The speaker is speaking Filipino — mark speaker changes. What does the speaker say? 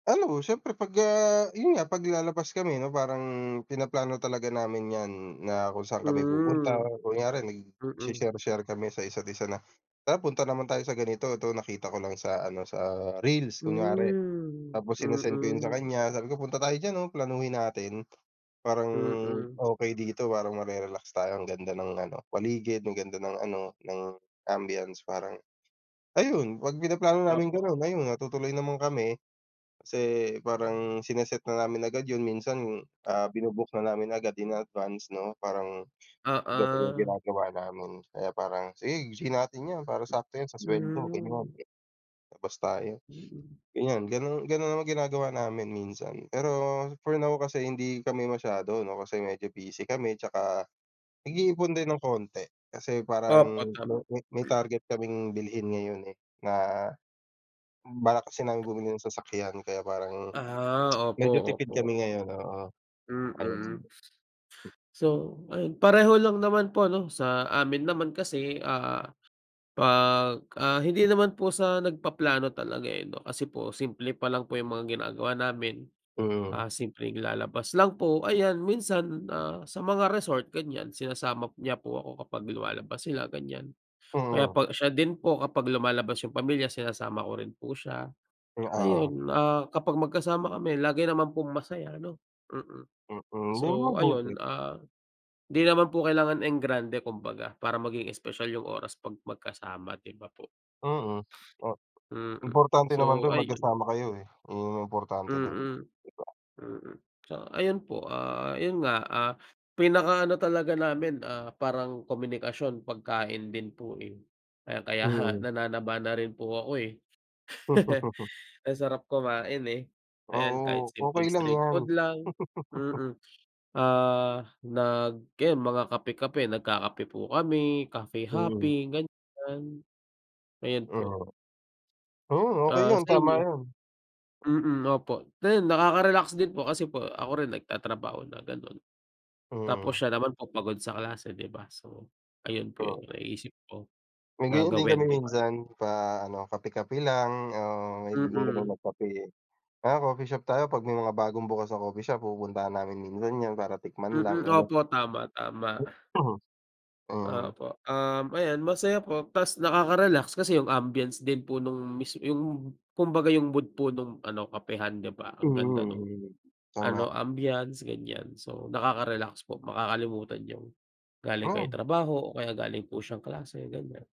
Speaker 1: Ano siyempre pag ah, yun nga pag lalabas kami ano parang pinaplano talaga namin yan na kung saan kami pupunta,
Speaker 2: Hmm,
Speaker 1: kunyari nag si
Speaker 2: mm.
Speaker 1: share-share kami sa isa't isa na, tara punta naman tayo sa ganito, to nakita ko lang sa ano, sa reels kunwari.
Speaker 2: Hmm,
Speaker 1: Tapos sinesend ko yun sa
Speaker 2: mm.
Speaker 1: kanya sabi ko punta tayo diyan oh, planuhin natin, parang,
Speaker 2: Mm.
Speaker 1: okey dito parang mare-relax tayo ang ganda ng ano paligid, ang ganda ng ano, ng ambiance parang, ayun, pag-pinaplano naming
Speaker 2: Opo.
Speaker 1: ganon ayun natutuloy naman kami. Kasi parang sine-set na namin agad yun minsan ah, binu-book na namin agad in advance no parang, ganon yung
Speaker 2: Oo.
Speaker 1: ginagawa namin kaya parang sige, g natin yan para
Speaker 2: Hmm,
Speaker 1: sakto yan sa sweldo ganun.
Speaker 2: mm.
Speaker 1: Labas tayo,
Speaker 2: Mm.
Speaker 1: ganyan ganun ganun naman ginagawa namin minsan, pero for now kasi hindi kami masyado ano kasi medyo busy kami, tsaka, nag-iipon din ng konti, kasi parang
Speaker 2: Opo,
Speaker 1: may
Speaker 2: tama.
Speaker 1: may may target kaming bilhin ngayon eh, na, balak kasi namin bumili ng sasakyan kaya parang,
Speaker 2: Ah, opo,
Speaker 1: medyo tipid
Speaker 2: opo.
Speaker 1: kami ngayon oo, ayun.
Speaker 2: Mm. So ayun, pareho lang naman po ano, sa amin naman kasi ah, pag, ah, hindi naman po sa nag-paplano talaga eh no, kasi po simple pa lang po yung mga ginagawa namin.
Speaker 1: Mm.
Speaker 2: Ah, simpleng lalabas lang po, ayan minsan ah, sa mga resort ganyan sinasama p niya po ako kapag lumalabas sila ganyan. Kaya
Speaker 1: Mhm.
Speaker 2: pa siya din po kapag lumalabas yung pamilya sinasama ko rin po siya,
Speaker 1: Hmm, oo.
Speaker 2: ayun, ah, kapag mag-kasama kami lagi naman pong masaya no, mm.
Speaker 1: Mm, yun
Speaker 2: So ayun,
Speaker 1: mabuti.
Speaker 2: ah, di naman po kailangan engrande kumbaga para maging espesyal yung oras pag magkasama di ba po?
Speaker 1: Mm, oh,
Speaker 2: Mm
Speaker 1: importante naman
Speaker 2: so,
Speaker 1: dun
Speaker 2: ayun.
Speaker 1: magkasama kayo eh, iyon yung importante dun,
Speaker 2: Mm,
Speaker 1: di ba?
Speaker 2: mm so ayun po ah, yun nga, ah, pinaka-ano talaga namin ah, parang komunikasyon pagkain din po eh, kaya kaya ha
Speaker 1: Mhm.
Speaker 2: nananaba na rin po ako eh. Ang sarap kumain eh. Ayan kahit
Speaker 1: Oo, okey
Speaker 2: simpleng
Speaker 1: lang
Speaker 2: street
Speaker 1: yan.
Speaker 2: food lang mm ah, nag yan mga kape-kape nagkakape po kami, cafe
Speaker 1: Mhm.
Speaker 2: hopping, ganyan. Ayan po.
Speaker 1: Mhm. Hmm okey
Speaker 2: Ah,
Speaker 1: yun,
Speaker 2: sa
Speaker 1: tama
Speaker 2: inyo?
Speaker 1: yun.
Speaker 2: Mm opo, ayun nakaka-relax din po kasi po ako rin nag-tatrabaho na ganon. Tapos
Speaker 1: Mm.
Speaker 2: siya naman po pagod sa klase di ba so, ayun po yun
Speaker 1: Oo.
Speaker 2: naisip ko
Speaker 1: May
Speaker 2: na
Speaker 1: ganyan din kami
Speaker 2: gawin di ba?
Speaker 1: minsan, pa-ano kape-kape lang ah, mahilig din kami
Speaker 2: Mm.
Speaker 1: mag-kape eh, tara coffee shop tayo pag may mga bagong bukas na coffee shop pupuntahan namin minsan yan para tikman
Speaker 2: Mm
Speaker 1: lang ganun.
Speaker 2: opo tama-tama.
Speaker 1: Mm.
Speaker 2: Opo um, ayan masaya po tas nakaka-relax kasi yung ambience din po nung mis yung kumbaga yung mood po nung ano, kapehan di ba?
Speaker 1: Mm
Speaker 2: Ang ganda nung,
Speaker 1: mm,
Speaker 2: ano
Speaker 1: tama.
Speaker 2: ambiance ganyan so nakaka-relax po, makakalimutan niyong galing kayo ng
Speaker 1: Hmm.
Speaker 2: trabaho o kaya galing po siyang klase, ganyan.